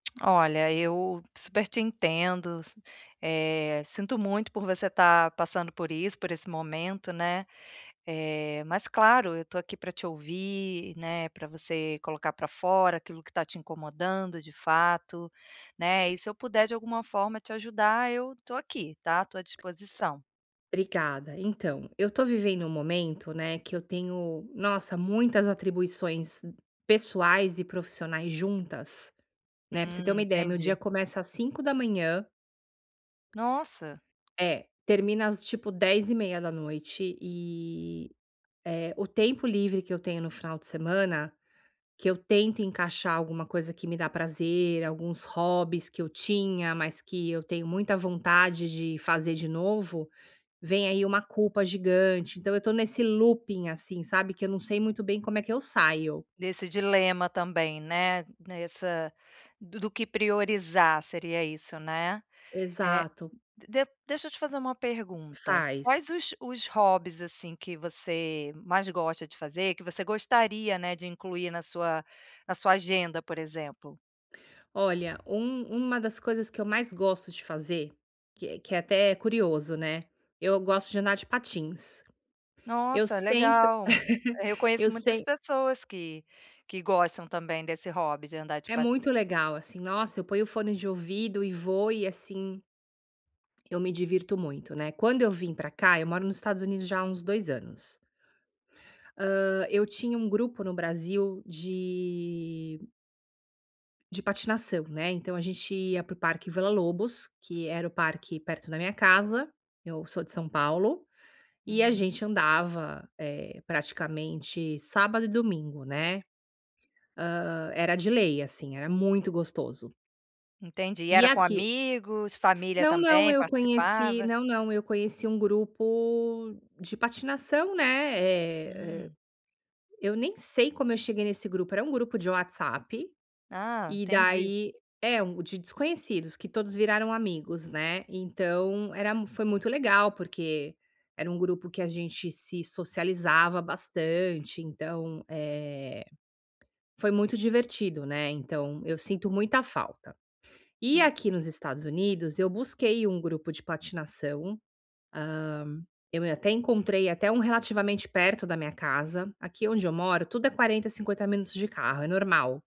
Olha eu super te entendo s Eh, sinto muito por você estar passando por isso, por esse momento, né. Eh, mas claro, eu estou aqui pra te ouvir, né, pra você colocar pra fora aquilo que está te incomodando de fato, né. E se eu puder de alguma forma te ajudar eu tô aqui tá, tô a disposição. Obrigada. Então, eu estou vivendo um momento, né, que eu tenho, nossa, muitas atribuições pessoais e profissionais juntas, né. Pra você ter uma Hum, ideia meu dia entendi. começa às 05:00 Nossa. É, termina as, tipo, 22:30 e, eh, o tempo livre que eu tenho no final de semana, que eu tento encaixar alguma coisa que me dá prazer, alguns hobbies que eu tinha, mas que eu tenho muita vontade de fazer de novo, vem aí uma culpa gigante. Então, eu estou nesse looping, assim, sabe, que eu não sei muito bem como é que eu saio. Nesse dilema também, né, nessa do do que priorizar, seria isso, né. Eh, Exato. d de deixa eu te fazer uma pergunta: Faz. quais os os hobbies, assim, que você mais gosta de fazer, que você gostaria, né, de incluir na sua na sua agenda, por exemplo? Olha, um uma das coisas que eu mais gosto de fazer, que é que é até curioso, né, eu gosto de andar de patins. Eu Nossa, sempre, legal. Eu eu conheço muitas sem pessoas que que gostam também desse hobby de andar de É muito patins. legal, assim, nossa, eu ponho o fone de ouvido e vou, e assim eu me divirto muito, né? Quando eu vim pra cá eu moro nos Estados Unidos já há uns 2 anos. Hã, eu tinha um grupo no Brasil de de patinação, né, então a gente ia pro Parque Villa-Lobos, que era o parque perto da minha casa. Eu sou de São Paulo. E a Uhum. gente andava, eh, praticamente sábado e domingo, né. Hã, era de lei, assim, era muito gostoso. Entendi. E Era com aqui amigos, família Não, não, também eu conheci participava? não, não, eu conheci um grupo de patinação, né. Eh, Hum. eu nem sei como eu cheguei nesse grupo. Era um grupo de WhatsApp Ah, e entendi. daí é, de desconhecidos, que todos viraram amigos, né. Então, era foi muito legal porque era um grupo que a gente se socializava bastante, então, eh, foi muito divertido, né. Então eu sinto muita falta. E Hum. aqui nos Estados Unidos eu busquei um grupo de patinação. Hã, eu até encontrei até, um relativamente perto da minha casa. Aqui onde eu moro tudo é 40, 50 minutos de carro, é normal.